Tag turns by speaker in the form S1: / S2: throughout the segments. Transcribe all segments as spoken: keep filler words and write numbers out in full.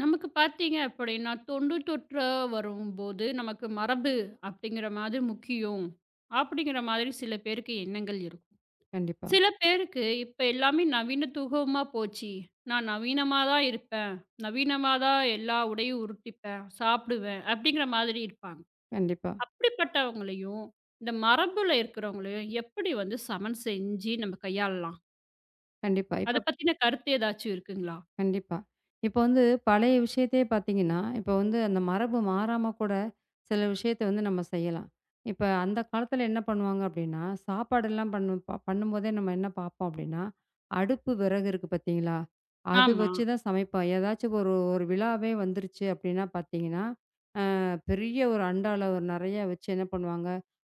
S1: நமக்குப் பார்த்தீங்க அப்பிடின்னா தொண்டு தொற்றா வரும்போது நமக்கு மரபு அப்பிடிங்கிற மாதிரி முக்கியம். அப்பிடிங்கிற மாதிரி சில பேருக்கு எண்ணங்கள் இருக்கும்.
S2: கண்டிப்பா.
S1: சில பேருக்கு இப்ப எல்லாமே நவீன்துகமா போச்சி. நான் நவீனமாதான் இருப்பேன். நவீனமாதான் எல்லா உடையும் உருட்டிப்பேன், சாப்பிடுவேன் அப்பிடிங்கிற மாதிரி இருப்பாங்க.
S2: கண்டிப்பா.
S1: அப்படிப்பட்டவங்களையும் இந்த மரபுல இருக்கிறவங்களையும் எப்பிடி வந்து சமன் செஞ்சு நம்ம கையாளலாம்?
S2: கண்டிப்பா இப்ப
S1: அதப் பத்தின கருத்து ஏதாச்சு இருக்குங்களா?
S2: கண்டிப்பா. இப்ப வந்து பழைய விஷயத்தையே பாத்தீங்கன்னா, இப்ப வந்து அந்த மரபு மாறாம கூட சில விஷயத்த வந்து நம்ம செய்யலாம். இப்ப அந்தக் காலத்துல என்ன பண்ணுவாங்க அப்பிடின்னா, சாப்பாடு எல்லாம் பண்ணும் ப பண்ணும்போதே நம்ம என்ன பார்ப்போம் அப்பிடின்னா, அடுப்பு விறகு இருக்கு பார்த்தீங்களா! அது
S1: ஆமா.
S2: வச்சுதான் சமைப்போம். ஏதாச்சு ஒரு ஒரு விழாவே வந்துருச்சு அப்பிடின்னா பாத்தீங்கன்னா, ஆ பெரிய ஒரு அண்டால அ ஒரு நிறைய வச்சு என்ன பண்ணுவாங்க,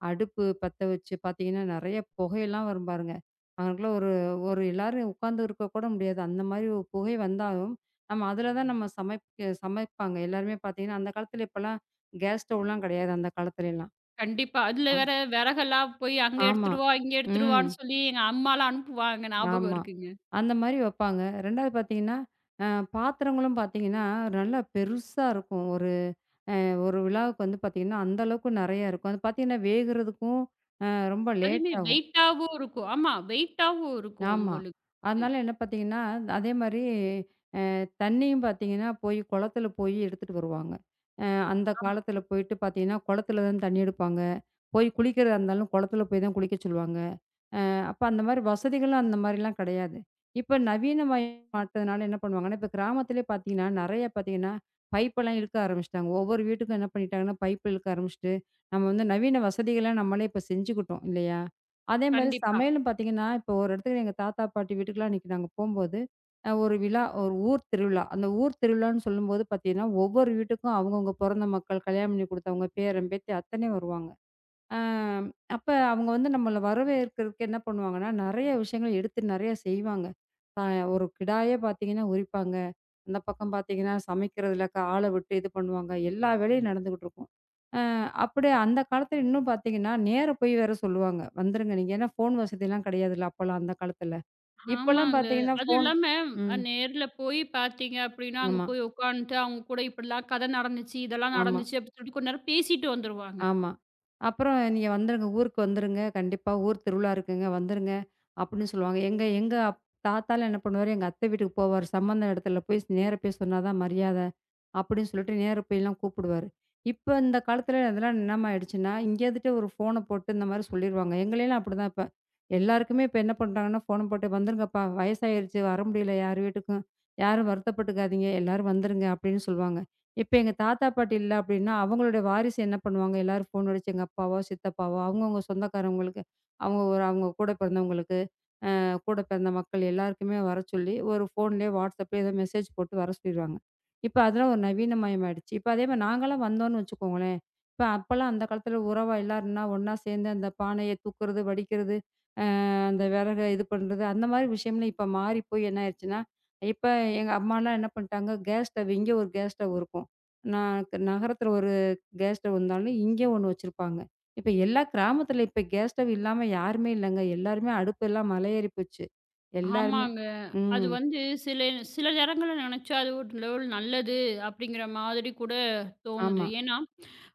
S2: அடுப்பு பத்த வச்சு பாத்தீங்கன்னா, நறைய புகை எல்லாம் வரும் பாருங்க. அகனக்குள்ள ஒரு ஒரு எல்லாரும் உட்கார்ந்து இருக்க கூட முடியாது. அந்த மாரி ஒரு புகை வந்தாலும், நம்ம அதுல தான் நம்ம சமைப்பு சமைப்பாங்க. எல்லாருமே பாத்தீங்கன்னா, அந்தக் காலத்துல இப்பல்லாம் கேஸ் ஸ்டவ்லாம் கிடையாது அந்தக் காலத்துல எல்லாம்
S1: கண்டிப்பா. அதுல
S2: ஆமா.
S1: வேற விறகெல்லாம் போய் அங்க
S2: ஆமா.
S1: எடுத்துட்டு வா! இங்க
S2: ம்.
S1: எடுத்துட்டுவான்னு சொல்லி எங்க அம்மாலாம் அனுப்புவாங்க ஞாபகம்
S2: ஆமா.
S1: இருக்குங்க.
S2: அந்த மாரி வப்பாங்க. ரெண்டாவது பாத்தீங்கன்னா, ஆ பாத்திரங்களும் பாத்தீங்கன்னா, நல்லா பெருசா இருக்கும். ஒரு, அ ஒரு விழாவுக்கு வந்து பார்த்தீங்கன்னா, அந்த அளவுக்கு நறைய இருக்கும். அது பாத்தீங்கன்னா வேகுறதுக்கும் அ ரொம்ப லேட்
S1: அதுமே
S2: ஆகும்.
S1: வெயிட்டாவும் இருக்கும். ஆமா வெயிட்டாவும் இருக்கும்
S2: ஆமா.
S1: உங்களுக்கு.
S2: அதனால என்ன பாத்தீங்கன்னா, அதே மாரி அ தண்ணீயும் பாத்தீங்கன்னா, போய் குளத்துல போயி எடுத்துட்டு வருவாங்க. அ அந்தக்
S1: ஆமா.
S2: காலத்துல போயிட்டு பாத்தீங்கன்னா, குளத்துல தான் தண்ணீ எடுப்பாங்க. போய் குளிக்கிறதா இருந்தாலும் குளத்துல போய்தான் குளிக்கச் சொல்லுவாங்க. ஆ அப்ப அந்தமாரி வசதிகள் அந்தமாரிலாம் கிடையாது. இப்ப நவீனமயம் [unintelligible] என்ன பண்ணுவாங்கன்னா, இப்ப கிராமத்திலேயே பார்த்தீங்கன்னா, நறைய பாத்தீங்கன்னா, பைப்லாம் இழுக்க ஆரம்பிச்சிட்டாங்க. ஒவ்வொரு வீட்டுக்கும் என்ன பண்ணிட்டாங்கன்னா, பைப் இழுக்க ஆரம்பிச்சிட்டு, நம்ம வந்து நவீன வசதியெல்லாம் நம்மளே இப்ப செஞ்சுக்கிட்டோம் இல்லயா! அதேமாரி
S1: கண்டிப்பா.
S2: சமையலும் பார்த்தீங்கன்னா இப்ப ஒரு இடத்துல எங்க தாத்தா, பாட்டி வீட்டுக்கு எல்லாம் அன்னைக்கி நாங்க போம்போது, அ ஒரு விழா, ஒரு ஊர் திருவிழா. அந்த ஊர் திருவிழான்னு சொல்லும்போது பாத்தீங்கன்னா, ஒவ்வொரு வீட்டுக்கும் அவுங்க, அவுங்க பொறந்த மக்கள், கல்யாணம் பண்ணி குடுத்தவுங்க, பேரன், பேத்தி அத்தனையும் வருவாங்க. ஆ அப்ப அவுங்க வந்து நம்மள வரவேற்கிறதுக்கு என்ன பண்ணுவாங்கன்னா, நறைய விஷயங்கள் எடுத்து நறைய செய்வாங்க. பா அ ஒரு கிடாய்யே பார்த்தீங்கன்னா உரிப்பாங்க. அந்தப் பக்கம் பார்த்தீங்கன்னா சமைக்கிறதுல ஆள விட்டு இது பண்ணுவாங்க. எல்லா வேலையும் நடந்துட்டு இருக்கும். ஆ அப்பிடியே அந்தக் காலத்துல இன்னும் பாத்தீங்கன்னா, நேரா போயி வேற சொல்லுவாங்க. "வந்திருங்க" நீங்க, ஏன்னா ஃபோன் வசதி எல்லாம் கிடையாதுல்ல அப்பல்லாம் அந்தக் காலத்துல. இப்ப எல்லாம்
S1: ஆமாங்க.
S2: பாத்தீங்கன்னா
S1: அது
S2: ஃபோன்
S1: இல்லாம அ
S2: ம்.
S1: நேர்ல போய் பார்த்தீங்க அப்பிடின்னா அங்க
S2: ஆமா.
S1: போய் உட்கான்ட்டு அவுங்க கூட இப்பிடிலாம் கதை நடந்துச்சு, இதெல்லாம்
S2: ஆமா.
S1: நடந்துச்சு அப்பிடின்னு கொஞ்ச நேரம் பேசிட்டு வந்துருவாங்க.
S2: ஆமா. அப்புறம் "நீங்க வந்துருங்க, ஊருக்கு வந்துருங்க, கண்டிப்பா ஊர் திருவிழா இருக்குங்க வந்துருங்க" அப்பிடின்னு சொல்லுவாங்க. எங்க, எங்க தாத்தாலாம் என்ன பண்ணுவாரு, எங்க அத்த வீட்டுக்கு போவாரு. சம்பந்த இடத்துல போயி நேரா போயி சொன்னாதான் மரியாதை அப்பிடின்னு சொல்லிட்டு நேரா போயி எல்லாம் கூப்பிடுவாரு. இப்ப இந்தக் காலத்துல இதெல்லாம் என்னமா ஆயிடுச்சுன்னா, இங்க இருந்துட்டு ஒரு ஃபோன போட்டு, இந்த மாரி சொல்லிருவாங்க. எங்களை எல்லாம் அப்பிடித்தான் இப்ப. எல்லாருக்குமே இப்ப என்ன பண்றாங்கன்னா, ஃபோன போட்டு "வந்துருங்கப்பா! வயசாயிருச்சு, வர முடியல யார் வீட்டுக்கும், யாரும் வருத்தப்பட்டுக்காதீங்க, எல்லாரும் வந்துருங்க" அப்பிடின்னு சொல்லுவாங்க. இப்ப எங்க தாத்தா, பாட்டி இல்ல அப்பிடின்னா, அவுங்களுடைய வாரிசு என்ன பண்ணுவாங்க, எல்லாரும் ஃபோன் அடிச்சு, எங்க அப்பாவோ! சித்தப்பாவோ! அவுங்கவுங்க சொந்தக்காரங்களுக்கு, அவுங்க, ஒரு அவுங்க கூடப் பிறந்தவங்களுக்கு, ஆ கூடப் பிறந்த மக்கள் எல்லாருக்குமே வரச்சொல்லி ஒரு ஃபோன்லயே WhatsApp-லயோ ஏதோ மெஜேஸ் போட்டு வரச் சொல்லிருவாங்க. இப்ப அதெல்லாம் ஒரு நவீனமயம் ஆயிடுச்சு. இப்ப அதே மாரி நாங்க எல்லாம் வந்தோம்ன்னு வச்சுக்கோங்களேன், அப்ப எல்லாம் அந்தக் காலத்துல உறவு எல்லாருன்னா ஒன்னா சேர்ந்து அந்தப் பானைய தூக்குறது, வடிகிறது, ஆ அந்த விறகு இது பண்றது அந்த மாரி விஷயம்லாம் இப்ப மாறிப்போய் என்ன ஆயிடுச்சுன்னா, இப்ப எங்க அம்மா எல்லாம் என்ன பண்ணிட்டாங்க, கேஸ் ஸ்டவ் இங்க ஒரு கேஸ் ஸ்டவ் இருக்கும். ந நகரத்துல ஒரு கேஸ் ஸ்டவ் இருந்தாலும் இங்க ஒன்னு வச்சிருப்பாங்க. இப்ப எல்லா கிராமத்துல இப்ப கேஸ் ஸ்டவ் இல்லாம யாருமே இல்லேங்க. எல்லாருமே அடுப்பு எல்லாம் மலை ஏறிப்போச்சு. எல்லாருமே!
S1: ஆமாங்க. அது
S2: ம்.
S1: வந்து சில சில நேரங்கள்ல நினைச்சா அது ஒரு லெவல் நல்லது அப்பிடிங்கிற மாதிரி கூடத் தோணுது.
S2: ஆமா.
S1: ஏன்னா,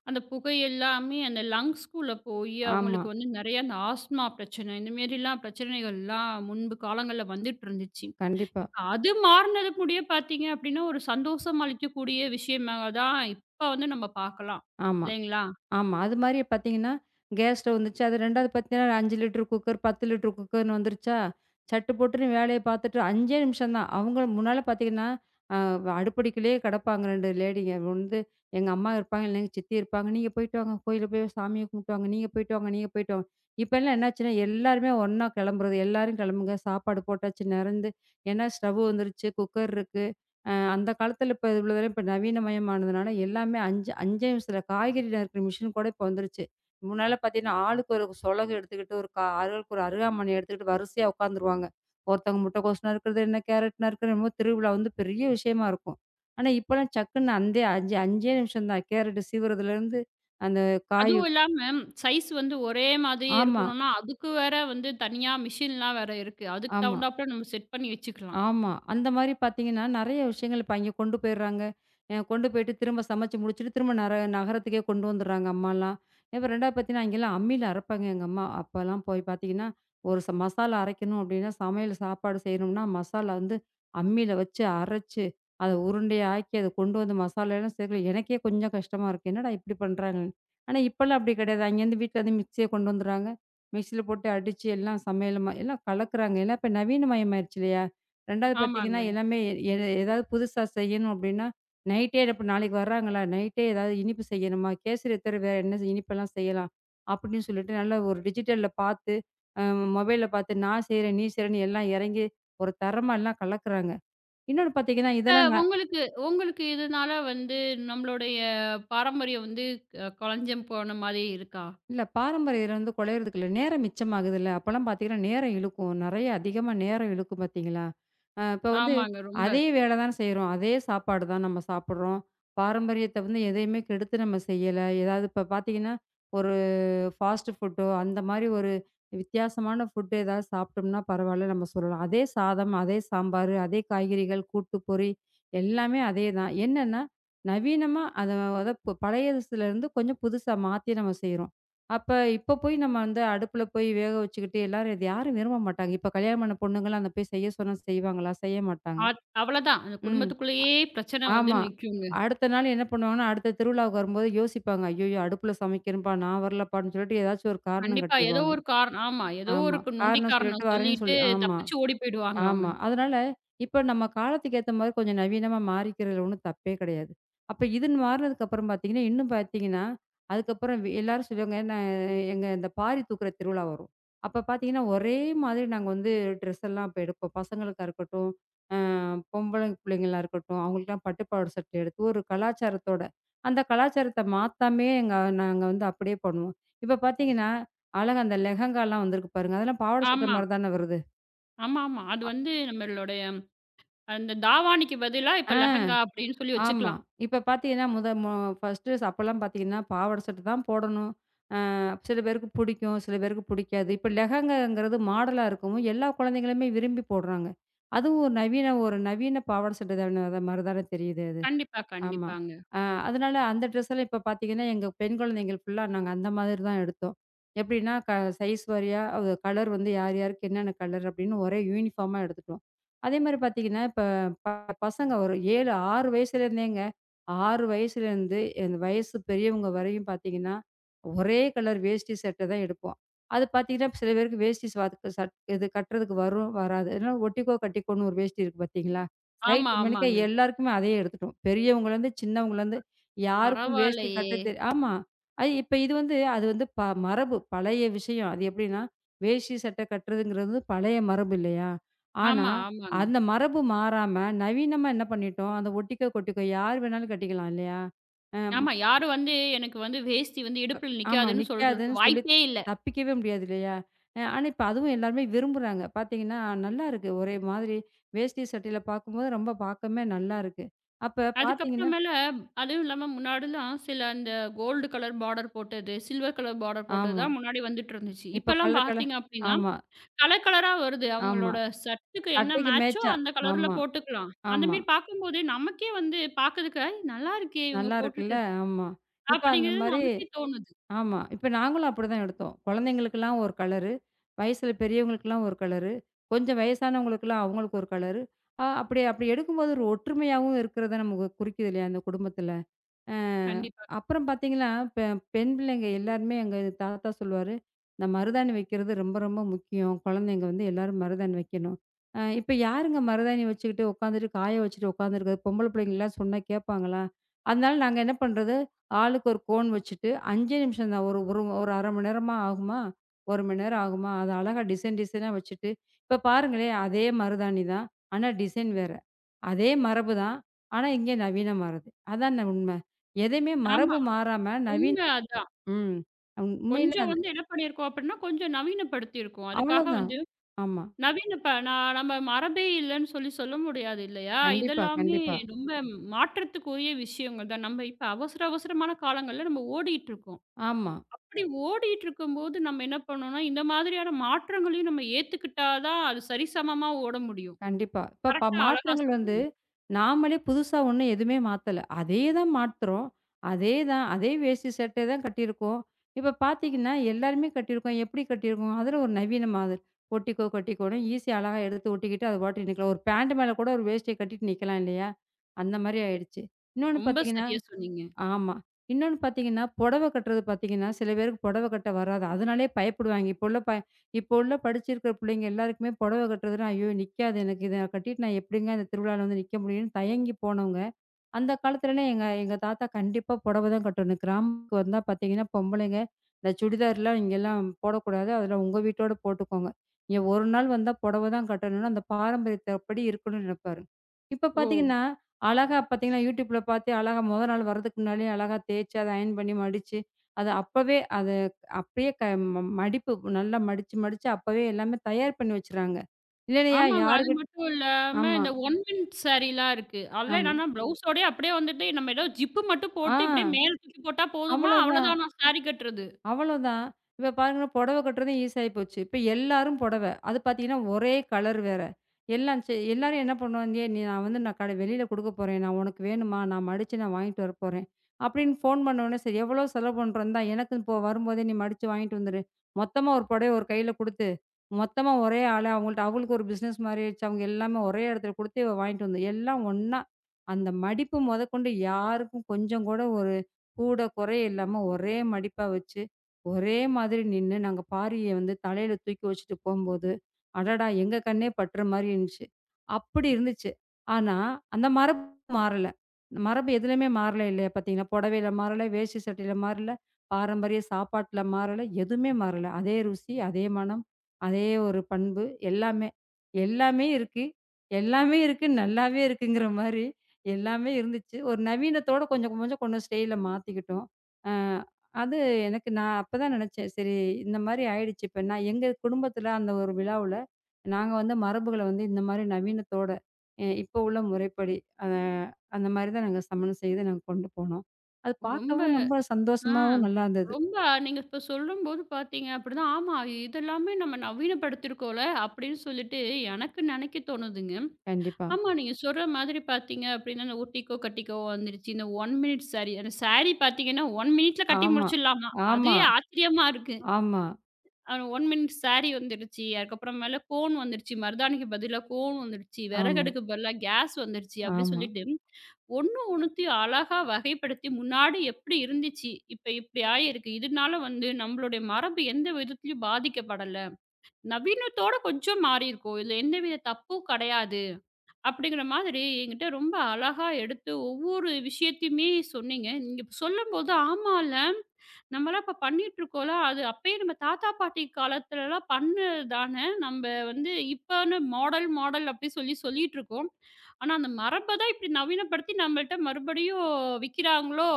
S1: அந்தப் புகை எல்லாமே அந்த லங்ஸ்க்குள்ள போய் அவுங்களுக்கு
S2: ஆமா.
S1: வந்து நிறைய அந்த ஆஸ்துமா பிரச்சனை இந்தமாரிலாம் பிரச்சனைகள் எல்லாம் முன்பு காலங்கள்ல வந்துட்டு இருந்துச்சு.
S2: கண்டிப்பா.
S1: இப்ப அது மாறினது கூடயே பார்த்தீங்க அப்பிடின்னா ஒரு சந்தோஷம் அளிக்கும் கூடிய விஷயம் தான் அதான் இப்ப வந்து நம்ம பார்க்கலாம்.
S2: ஆமா.
S1: இல்லேங்களா!
S2: ஆமா அதுமாரியே பாத்தீங்கன்னா கேஸ் ஸ்டவ் வந்துச்சு. அது ரெண்டாவது பார்த்தீங்கன்னா, அஞ்சு லிட்டர் குக்கர், பத்து லிட்டர் குக்கர்ன்னு வந்துருச்சா, சட்டுபுட்டுன்னு வேலையப் பார்த்துட்டு, அஞ்சே நிமிஷம் தான். அவுங்க முன்னால பாத்தீங்கன்னா, அ வ அடுப்பிடிக்குள்ளே கிடப்பாங்க ரெண்டு லேடிங்க வந்து, "எங்க அம்மா இருப்பாங்க, இல்லன்னா எங்க சித்தி இருப்பாங்க, நீங்க போயிட்டு வாங்க, கோயிலுக்குப் போய் சாமிய கும்பிட்டு வாங்க, நீங்க போயிட்டு வாங்க, நீங்க போயிட்டு வாங்க". இப்ப எல்லாம் என்ன ஆச்சுன்னா, எல்லாருமே ஒன்னா கிளம்புறது. எல்லாரும் கிளம்புங்க, சாப்பாடு போட்டாச்சு, நிறந்து ஏன்னா ஸ்டவ் வந்துருச்சு, குக்கர் இருக்கு. அ அந்தக் காலத்துல இப்ப இவ்ளோ தூரம் இப்ப நவீனமயம் ஆனதுனால எல்லாமே அஞ்சு, அஞ்சே நிமிஷத்துல, காய்கறி நறுக்குற மெஷின் கூட இப்ப வந்துருச்சு. முன்னால பார்த்தீங்கன்னா, ஆளுக்கு ஒரு சொலகு எடுத்துக்கிட்டு, ஒரு கா ஆளுக்கு ஒரு அருகாமனைய எடுத்துக்கிட்டு வரிசையா உட்கார்ந்துருவாங்க. ஒருத்தங்க முட்டக்கோஸ் நறுக்குறது என்ன, கேரட் நறுக்குறதுன்னு என்னமோ திருவிழா வந்து பெரிய விஷயமா இருக்கும். ஆனா இப்ப எல்லாம் சக்குன்னு, அந்தே அஞ்சே, அஞ்சே நிமிஷம் தான். கேரட் சீவுறதுல இருந்து அந்த காய்
S1: அதுவும் இல்லாம சைஸ் வந்து ஒரே மாதிரியே
S2: ஆமா.
S1: இருக்கணுன்னா, அதுக்கு வேற வந்து தனியா மெஷின்லாம் வேற இருக்கு. அதுக்குத்
S2: ஆமா.
S1: தகுந்தாப்புல நம்ம செட் பண்ணி வச்சுக்கலாம்.
S2: ஆமா, அந்த மாரி பார்த்தீங்கன்னா, நறைய விஷயங்கள் இப்ப அங்க கொண்டு போயிர்றாங்க. அ கொண்டு போயிட்டு திரும்பச் சமைச்சு முடிச்சுட்டு திரும்ப நரக நகரத்துக்கே கொண்டு வந்துர்றாங்க அம்மாலாம். இப்ப ரெண்டாவது பார்த்தீங்கன்னா, அங்க எல்லாம் அம்மியில அரைப்பாங்க எங்க அம்மா. அப்ப எல்லாம் போய்ப் பாத்தீங்கன்னா, ஒரு ச மசாலா அரைக்கணும் அப்பிடின்னா, சமையல் சாப்பாடு செய்யணும்ன்னா, மசாலா வந்து அம்மியில வச்சு அரைச்சு அத உருண்டையாக்கி அத கொண்டு வந்து மசாலாலாம் சேர்க்கயில எனக்கே கொஞ்சம் கஷ்டமா இருக்கும். என்னடா! இப்பிடி பண்றாங்கன்னு. ஆனா இப்ப எல்லாம் அப்பிடி கிடையாது. அங்க இருந்து வீட்டில அதே மிக்ஸிய கொண்டு வந்துர்றாங்க. மிக்ஸில போட்டு அடிச்சு எல்லாம் சமையலம் எல்லாம் கலக்குறாங்க. ஏன்னா இப்ப நவீனமயம் ஆயிடுச்சு இல்லயா! ரெண்டாவது பாத்தீங்கன்னா,
S1: ஆமாங்க.
S2: எல்லாமே எ எதாவது புதுசா செய்யணும் அப்பிடின்னா, நைட்டே இப்ப நாளைக்கு வர்றாங்களா, நைட்டே எதாவது இனிப்பு செய்யணுமா, கேசரிய தவிர வேற என்ன இனிப்பு எல்லாம் செய்யலாம் அப்பிடின்னு சொல்லிட்டு நல்ல ஒரு டிஜிட்டல்ல பார்த்து, அம் மொபைல்ல பார்த்து நான் செய்றேன், நீ செய்றேன்னு எல்லாம் இறங்கி ஒரு தரமா எல்லாம் கலக்குறாங்க. இன்னொன்னு பார்த்தீங்கன்னா
S1: இப்ப
S2: இதெல்லாம் நான்
S1: உங்களுக்கு உங்களுக்கு இதனால வந்து நம்மளுடைய பாரம்பரியம் வந்து கொழஞ்சம் போனமாரி இருக்கா?
S2: இல்ல. பாரம்பரியம் [unintelligible] கொழையிறதுக்கு இல்ல. நேரம் மிச்சமாகுது இல்ல. அப்பலாம் பாத்தீங்கன்னா நேரம் இழுக்கும். நிறைய அதிகமா நேரம் இழுக்கும் பார்த்தீங்களா! ஆ இப்ப வந்து
S1: ஆமாங்க ரொம்ப.
S2: அதே வேலை தான செய்றோம். அதே சாப்பாடு தான் நம்ம சாப்புட்றோம். பாரம்பரியத்தை வந்து எதையுமே கெடுத்து நம்ம செய்யல. ஏதாவது இப்ப பாத்தீங்கன்னா, ஒரு ஃபாஸ்ட் ஃபுட்டோ அந்த மாரி ஒரு வித்தியாசமான ஃபுட் எதாவது சாப்பிட்டம்னா பரவாயில்லன்னு நம்ம சொல்லலாம். அதே சாதம், அதே சாம்பாரு, அதே காய்கறிகள், கூட்டு, பொரி எல்லாமே அதே தான். என்னன்னா நவீனமா அத, அத இப்ப பழையஸ்துல இருந்து கொஞ்சம் புதுசா மாத்தி நாம செய்யுறோம். அப்ப, இப்ப போய் நம்ம வந்து அடுப்புல போய் வேக வச்சிக்கிட்டு எல்லாரும் இத யாரும் விரும்ப மாட்டாங்க. இப்ப கல்யாணம் ஆன பொண்ணுங்கலாம் அங்க போய் செய்யச் சொன்னா செய்வாங்களா! செய்யமாட்டாங்க.
S1: ஆத் அவ்வளவுதான். அந்தக்
S2: ம்
S1: குடும்பத்துக்குள்ளேயே பிரச்சனை
S2: அ
S1: வந்து
S2: ஆமா.
S1: நிக்குங்க.
S2: அடுத்த நாள் என்ன பண்ணுவாங்கன்னா, அடுத்த திருவிழாவுக்கு வரும்போது யோசிப்பாங்க. ஐயய்யோ! அடுப்புல சமைக்கிறன்பா நான் வரலப்பான்னு சொல்லிட்டு ஏதாச்சு ஒரு காரணம்
S1: கண்டிப்பா. ஏதோ
S2: காட்டிருவாங்க.
S1: ஒரு காரண ஆமா ஏதோ ஒரு
S2: ஆமா.
S1: நொண்டி
S2: காரணம் சொல்லிட்டு
S1: காரணம்
S2: வரேன்னு
S1: சொல்லிட்டு
S2: சொல்லி ஆமா,
S1: தப்பிச்சு ஓடிப் போயிடுவாங்க அவுங்க.
S2: ஆமா. அதனால இப்ப நம்ம காலத்துக்கு ஏத்தமாரி கொஞ்சம் நவீனமா மாறிக்கிறதுல ஒன்னும் தப்பே கிடையாது. அப்ப இதுன்னு மாறினதுக்கு அப்புறம் பாத்தீங்கன்னா, இன்னும் பாத்தீங்கன்னா, அதுக்கப்புறம் வ் எல்லாரும் சொல்லுவாங்க, நா ஏங்க இந்த பாரி தூக்குற திருவிழா வரும். அப்ப பாத்தீங்கன்னா, ஒரே மாதிரி நாங்க வந்து ட்ரெஸ் எல்லாம் இப்ப எடுப்போம். பசங்களுக்கு இருக்கட்டும், ஆ, பொம்பள புள்ளைங்களுக்கு எல்லாம் இருக்கட்டும், அவுங்களுக்கு எல்லாம் பட்டுப் பாவாடை சட்டை எடுத்து, ஒரு கலாச்சாரத்தோட, அந்த கலாச்சாரத்த மாத்தாமயே எங்க நாங்க வந்து அப்பிடியே பண்ணுவோம். இப்ப பாத்தீங்கன்னா, அழகா அந்த லெஹங்காலாம் வந்திருக்கு பாருங்க. அதெல்லாம் பாவாடை சட்டை
S1: ஆமா.
S2: மாரிதான வருது.
S1: ஆமாமா, அது வந்து நம்முடைய அந்த தாவாணிக்கு பதிலாக இப்போ
S2: ஆ
S1: லெஹங்கா அப்படின்னு சொல்லி
S2: ஆமா.
S1: வச்சுக்கலாம்.
S2: இப்போ பார்த்தீங்கன்னா, மொத மு ஃபஸ்ட்டு அப்போ எல்லாம் பார்த்தீங்கன்னா, பாவாடை சட்டை தான் போடவேண்டும். அ சில பேருக்குப் பிடிக்கும், சில பேருக்குப் பிடிக்காது. இப்ப லெஹங்கா என்கிறது மாடல் ஆக இருக்கவும் எல்லா குழந்தைகளுமே விரும்பிப் போடுகிறார்கள். அதுவும் ஒரு நவீன ஒரு நவீன பாவாடை சட்டை தானே, அது மாதிரி தானே தெரியுது அது.
S1: கண்டிப்பா,
S2: ஆமா.
S1: கண்டிப்பாங்க.
S2: அ அதனால அந்த ட்ரெஸ் எல்லாம் இப்போ பார்த்தீங்கன்னா, எங்க பெண் குழந்தைகள் ஃபுல்லா நாங்கள் அந்த மாதிரி தான் எடுத்தோம். எப்படின்னா, க சைஸ் வாரியாக, அது color வந்து யார் யாருக்கு என்னென்ன color அப்படின்னு ஒரே யூனிபார்ம் ஆக எடுத்துட்டோம். அதே மாதிரி பார்த்தீங்கன்னா, இப்போ ப-பசங்க ஒரு ஏழு, ஆறு வயசுல இருந்தேங்க ஆறு வயதிலிருந்து இந்த வயசு பெரியவங்க வரையும் பார்த்தீங்கன்னா, ஒரே color வேஷ்டி சட்டை தான் எடுப்போம். அது பார்த்தீங்கன்னா, சில பேருக்கு வேஷ்டி க சட் இது கட்டுகிறதற்கு வரும், வராது. அதனால் ஒட்டிக்கோ கட்டிக்கோன்னு ஒரு வேஷ்டி இருக்கு பார்த்தீங்களா? சைஸ்
S1: ஆமா,
S2: மேனிக்கா
S1: ஆமாங்க.
S2: எல்லாருக்குமே அதையே எடுத்துட்டோம். பெரியவர்களிலிருந்து, சின்னவர்களிருந்து யாருக்கும் வேஷ்டி
S1: பரவாயில்லையே.
S2: கட்ட தெ ஆமா, அது இப்ப இது வந்து, அது வந்து ப மரபு, பழைய விஷயம். அது எப்படியென்றால், வேஷ்டி சட்டை கட்டுகிறது என்கிறது பழைய மரபு இல்லையா? ஆனா
S1: ஆமா, ஆமாங்க.
S2: அந்த மரபு மாறாமல் நவீனமாக என்ன பண்ணிட்டோம்? அந்த ஒட்டிக்கோ கட்டிக்கோ யார் வேண்டுமானாலும் கட்டிக்கலாம் இல்லையா? அ ம்.
S1: ஆமா யாரு வந்து எனக்கு வந்து வேஷ்டி வந்து இடுப்புல
S2: ஆமா
S1: நிற்காது என்று
S2: நிற்காது என்று
S1: சொல்லுகிறதற்கு
S2: சொல்லி
S1: வாய்ப்பே இல்லை.
S2: தப்பிக்கவே முடியாது இல்லையா? ஆனால் இப்போ அதுவும் எல்லாருமே விரும்புகிறார்கள். பார்த்தீங்கன்னா, நல்லாருக்கு! ஒரே மாதிரி வேஷ்டி சட்டையில பார்க்கும் போது ரொம்ப பார்க்கவே நல்லாயிருக்கு. அப்போ
S1: அதுக்கு அப்புறம்
S2: பார்த்தீங்கன்னா
S1: மேலாக, அதுவும் இல்லாமல் முன்னாடியெல்லாம் சிலர் அந்த கோல்ட் கலர் பார்டர் போட்டது, சில்வர் கலர் பார்டர் போட்டது
S2: ஆமா.
S1: தான் முன்னாடி வந்துட்டு இருந்தது.
S2: இப்ப
S1: இப்போயெல்லாம் பார்த்தீங்க அப்டின்னா
S2: ஆமா.
S1: கலர் கலர் ஆக வருது.
S2: ஆமா.
S1: அவர்களோட சர்ட் க்கு என்ன
S2: சட்டைக்கு
S1: மேட்ச் ஓ
S2: மேட்ச் ஆக,
S1: அந்த கலர்ல
S2: ஆமா,
S1: போட்டுக்கொள்ளலாம். அந்த
S2: ஆமா.
S1: மாதிரி பார்க்கும்போது நமக்கே வந்து பார்க்கிறதற்கு, ஆ நல்லாயிருக்கே இவர்கள்
S2: நல்லாருக்குல்ல,
S1: போட்டிருக்க
S2: ஆமா. இப்போ அந்த
S1: அப்டிங்கறது
S2: மாதிரி
S1: நமக்கே தோணுது.
S2: ஆமா. இப்போ நாங்களும் அப்படித்தான் எடுத்தோம். குழந்தைகளுக்கு எல்லாம் ஒரு color, வயதில் பெரியவர்களுக்கு எல்லாம் ஒரு கலர், கொஞ்சம் வயதானவர்களுக்கெல்லாம் அவர்களுக்கு ஒரு கலர், அ அப்படி, அப்படி எடுக்கும்போது ஒரு ஒற்றுமையாகவும் இருக்கிறதை நமக்கு குறிக்கிறது இல்லையா? அந்த குடும்பத்துல அ
S1: கண்டிப்பா.
S2: அப்புறம் பார்த்தீங்கன்னா பெ பெண் பிள்ளைகள் எல்லாருமே எங்கள் தாத்தா சொல்லுவாரு, இந்த மருதாணி வைக்கிறது ரொம்ப ரொம்ப முக்கியம், குழந்தைகள் வந்து எல்லாரும் மருதாணி வைக்கணும். அ இப்போ யாருங்க மருதாணி வச்சிக்கிட்டு உட்கார்ந்துகிட்டு, காய வைத்துவிட்டு உட்கார்ந்துக்கிட்டு இருக்கிறது? பொம்பளை பிள்ளைகளெல்லாம் சொன்னால் கேட்பார்களா? அதனால் நாங்கள் என்ன பண்ணுவது, ஆளுக்கு ஒரு கோன் வச்சிட்டு ஐந்து நிமிஷம் தான். ஒரு ஒரு அரை மணி நேரமா ஆகுமா? ஒரு மணி நேரம் ஆகுமா? அதை அழகா டிசைன் டிசைன் ஆக வைத்துவிட்டு, இப்போ பாருங்களேன், அதே மருதாணி தான். ஆனால் டிசைன் வேறு. அதே மரபுதான். ஆனால் இங்கு நவீனமாகுது. அதான் உண்மை! எதையுமே மரபு
S1: ஆமா.
S2: மாறாமல் நவீன
S1: உண்மை அதான்.
S2: ம் அம் உண்மையிலே...
S1: கொஞ்சம் வந்து என்ன பண்ணி இருக்கோம் அப்படின்னா, கொஞ்சம் நவீனப்படுத்தி இருக்கோம். அதுக்காக
S2: அவ்ளோதான்,
S1: வந்து
S2: ஆமா.
S1: நவீன இப்ப நா நம்ம மரபே இல்லையென்று சொல்லி சொல்ல முடியாது இல்லையா?
S2: கண்டிப்பா,
S1: இதெல்லாமே
S2: கண்டிப்பா.
S1: ரொம்ப மாற்றத்திற்குரிய விஷயங்கள் தான், நாம் இப்போ அவசர, அவசரமான காலங்களில் நம்ம ஓடிட்டு இருக்கோம்.
S2: ஆமா.
S1: அப்படி ஓடிக்கிட்டு இருக்கும்போது நாம் என்ன பண்ணணும்னா இந்த மாதிரியான மாற்றங்களையும் நாம் ஏற்றுக்கொண்டாள் தான் அது சரி சமமாக ஓட முடியும்.
S2: கண்டிப்பா. இப்ப ப
S1: கரெக்ட் ஆக அழகா
S2: மாற்றங்கள் வந்து
S1: சொன்னீங்க!
S2: நாமே புதுசாக ஒன்றும் எதையுமே மாற்றவில்லை. அதையேதான் மாத்துகிறோம். அதேதான், அதே வேஷ்டி சட்டையை தான் கட்டியிருக்கோம். இப்போ பார்த்தீங்கன்னா, எல்லாருமே கட்டிருக்கோம். எப்படி கட்டிருக்கோம்? அதில் ஒரு நவீன மாதிரி. ஒட்டிக்கோ கட்டிக்கோன்னு ஈஸி யாக அழகா எடுத்து ஒட்டிக்கிட்டு அது பாட்டுக்கு நிற்கலாம். ஒரு பேண்ட் மேலே கூட ஒரு வேஷ்டியை கட்டிட்டு நிற்கலாம் இல்லையா? அந்த மாதிரி ஆகிவிட்டது. இன்னொன்று
S1: ரொம்ப
S2: பார்த்தீங்கன்னா
S1: சரியா சொன்னீங்க.
S2: ஆமா. இன்னொன்று பார்த்தீங்கன்னா, புடவை கட்டுகிறது பார்த்தீங்கன்னா, சில பேருக்குப் புடவை கட்ட வராது. அதனாலயே பயப்படுவார்கள். இப்போ உள்ள ப இப்ப உள்ள படிச்சிருக்கற பிள்ளைகள் எல்லாருக்குமே புடவை கட்டுகிறது என்றால், ஐயோ நிற்காதே எனக்கு, இதை நான் கட்டிவிட்டு நான் எப்டிங்க இந்த திருவிழாவில் வந்து நிற்க முடியும்னு தயங்கி போனவர்கள், அந்தக் காலத்துல எல்லாம் எங்க எங்க தாத்தா கண்டிப்பா புடவைதான் கட்டணும் கிராமத்திற்கு வந்தால் பார்த்தீங்கன்னா, பொம்பளைங்க இந்த சுடிதார் லாம் இங்கு எல்லாம் போடக் கூடாது. அதெல்லாம் உங்கள் வீட்டோடு போட்டுக்கொள்ளுங்கள். இங்கு ஒரு நாள் வந்தால் புடவைதான் கட்ட வேண்டுமென்று அந்த பாரம்பரியத்தின்படி இருக்கவேண்டுமென்று நினைப்பார். இப்போ
S1: ஓ!
S2: பார்த்தீங்கன்னா அழகா பாத்தீங்கன்னா Youtubeல பார்த்தே அழகாக முதல் நாள் வருவதற்கு முன்னாலேயே அழகாக தேய்ச்சு, அதை அயன் பண்ணி, மடிச்சு அதை அப்பவே, அதை அப்படியே க மம் மடிப்பு நல்லா மடிச்சு, மடிச்சு அப்பவே எல்லாமே தயார் பண்ணி வைத்துவிடுகிறார்கள். இல்லன்னா யா
S1: ஆமாங்க அது
S2: யாறுகட்
S1: மட்டும் இல்லாம
S2: ஆமா.
S1: இந்த ஒன் மினிட் ஸேரி ல்லாம் இருக்கு. அதில்
S2: ஆமா.
S1: என்னன்னா பிலவுஸ் ஓடயே அப்படியே வந்துட்டு நாம் ஏதோ ஜிப் பு மட்டும்
S2: ஆ,
S1: போட்டு இப்படியே மேலே தூக்கிப் போட்டால் போதுமா
S2: அவ்ளோதான்.
S1: அவ்ளோதானா ஸேரி கட்டுகிறது.
S2: அவ்ளோதான். இப்ப பாருங்க, புடவை கட்டுகிறதும் ஈஸி ஆகிப் போச்சு. இப்போ எல்லாரும் புடவை. அது பார்த்தீங்கன்னா, ஒரே கலர் வேற! எல்லாம் செ எல்லாரும் என்ன பண்ணுவாந்யே, "நீ நான் வந்து நான் கட வெளியில் கொடுக்கப் போகிறேன் நான், உனக்கு வேண்டுமா? நான் மடிச்சு நான் வாங்கிட்டு வரப் போகிறேன்" அப்படின்னு ஃபோன் பண்ண உடனே, "சரி எவ்வளவு செலவு பண்ணுகிறோம்? இந்தா எனக்கும் போ வரும்போதே நீ மடிச்சு வாங்கிட்டு வந்துடு". மொத்தமாக ஒரு புடவையை ஒரு கையில் கொடுத்து, மொத்தமாக ஒரே ஆள அவர்களிடம், அவர்களுக்கு ஒரு பிசினஸ் மாதிரி ஆகிவிட்டது. அவர்கள் எல்லாருமே ஒரே இடத்தில் கொடுத்து இவ வாங்கிட்டு வந்து எல்லாம் ஒண்ணா, அந்த மடிப்பு முதற்கொண்டு யாருக்கும் கொஞ்சம் கூட ஒரு கூடக் குறையே இல்லாமல் ஒரே மடிப்பாக வச்சு, ஒரே மாதிரி நின்று நாங்கள் பாரியை வந்து தலையில் தூக்கி வைத்துவிட்டு போகும்போது, அடடா! எங்கள் கண்ணே படுகிற மாதிரி இருந்துச்சு! அப்படி இருந்துச்சு! ஆனால் அந்த மரபு மாறவில்லை. மரபு எதுலையுமே மாறவில்லை இல்லையா? பார்த்தீங்கன்னா, புடவையில் மாறவில்லை, வேஷ்டி சட்டையில் மாறவில்லை, பாரம்பரிய சாப்பாட்டுல மாறவில்லை, எதுவுமே மாறவில்லை. அதே ருசி, அதே மணம், அதே ஒரு பண்பு. எல்லாமே, எல்லாமே இருக்கு எல்லாமே இருக்கு, நல்லாவே இருக்குங்கிற மாதிரி எல்லாமே இருந்துச்சு. ஒரு நவீனத்தோட கொஞ்சம், கொஞ்சம், கொஞ்சம் ஸ்டைல் ல மாத்திக்கிட்டோம். அ அது எனக்கு நான் அப்போ தான் நினைத்தேன். சரி இந்த மாதிரி ஆகிவிட்டது. இப்போ நான் எங்கள் குடும்பத்தில் அந்த ஒரு விழாவில் நாங்கள் வந்து மரபுகளை வந்து இந்த மாதிரி நவீனத்தோட, அ இப்ப உள்ள முறைப்படி, அ அந்த மாதிரி தான் நாங்கள் சமையல் செய்து நாங்கள் கொண்டு போனோம். அது
S1: ரொம்ப.
S2: பார்க்கவும் ரொம்ப
S1: ஆ
S2: சந்தோஷமாகவும் நல்லாயிருந்தது.
S1: ரொம்ப அ நீங்கள் இப்போ சொல்லும்போது பார்த்தீங்க அப்படித்தான் ஆமா இதெல்லாமே நம்ம நவீனப்படுத்தியிருக்கோம் ல அப்படின்னு சொல்லிட்டு, எனக்கு நினைக்க தோணுதுங்க.
S2: கண்டிப்பா.
S1: ஆமா, நீங்க சொல்கிற மாதிரி பார்த்தீங்க அப்டின்னா இந்த ஒட்டிக்கோ, கட்டிக்கோ வந்துருச்சு. இந்த ஒன் மினிட் ஸேரி அந்த ஸேரி பார்த்தீங்கன்னா ஒன் மினிட் ல கட்டி
S2: ஆமா,
S1: முடிச்சிடலாமா,
S2: ஆமா,
S1: அதுவே ஆச்சரியமா இருக்கு.
S2: ஆமா.
S1: அந்த ஒன் மினிட் ஸேரி வந்துவிட்டது. அதுக்கு அப்புறம் மேலாக கோன் வந்துவிட்டது. மருதாணிக்கு பதிலாக கோன் வந்துவிட்டது.
S2: ஆமா.
S1: விறகடுக்கு பதிலாக கேஸ் வந்துவிட்டது. அப்படி
S2: ஆமா.
S1: சொல்லிட்டு, ஒண்ணு ஒண்ணுத்தையும் அழகாக வகைப்படுத்தி முன்னாடி எப்படி இருந்துச்சு, இப்போ இப்படி ஆகியிருக்கு, இதனால் வந்து நம்முடைய மரபு எந்த விதத்திலும் பாதிக்கப்படவில்லை. நவீனத்தோடே கொஞ்சம் மாறி இருக்கோம். இதில் எந்த வித தப்பும் கிடையாது. அப்படிங்கிற மாதிரி என்கிட்ட ரொம்ப அழகாக எடுத்து ஒவ்வொரு விஷயத்தையுமே சொன்னீங்க. நீங்கள் இப்போ சொல்லும்போது. ஆமா இல்ல, நாமெல்லாம் இப்போ பண்ணிட்டு இருக்கோம்ல! அது அப்படியே நம் தாத்தா, பாட்டி காலத்தில் எல்லாம் பண்ணதுதானே? நாம் வந்து இப்போ மாடல் மாடல் அப்படி சொல்லி சொல்லிக்கிட்டிருக்கோம். ஆனால் அந்த மரபை தான் இப்படி நவீனப்படுத்தி நம்மிடம் மறுபடியும் விற்கிறார்களோ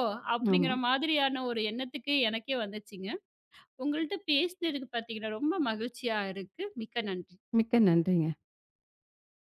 S2: ஆமா.
S1: அப்படிங்கிற மாதிரியான ஒரு எண்ணத்துக்கு எனக்கே வந்துருச்சுங்க. உங்களிடம் பேசினது பார்த்தீங்கன்னா ரொம்ப மகிழ்ச்சியாக இருக்கு. மிக்க நன்றி!
S2: மிக்க நன்றிங்க!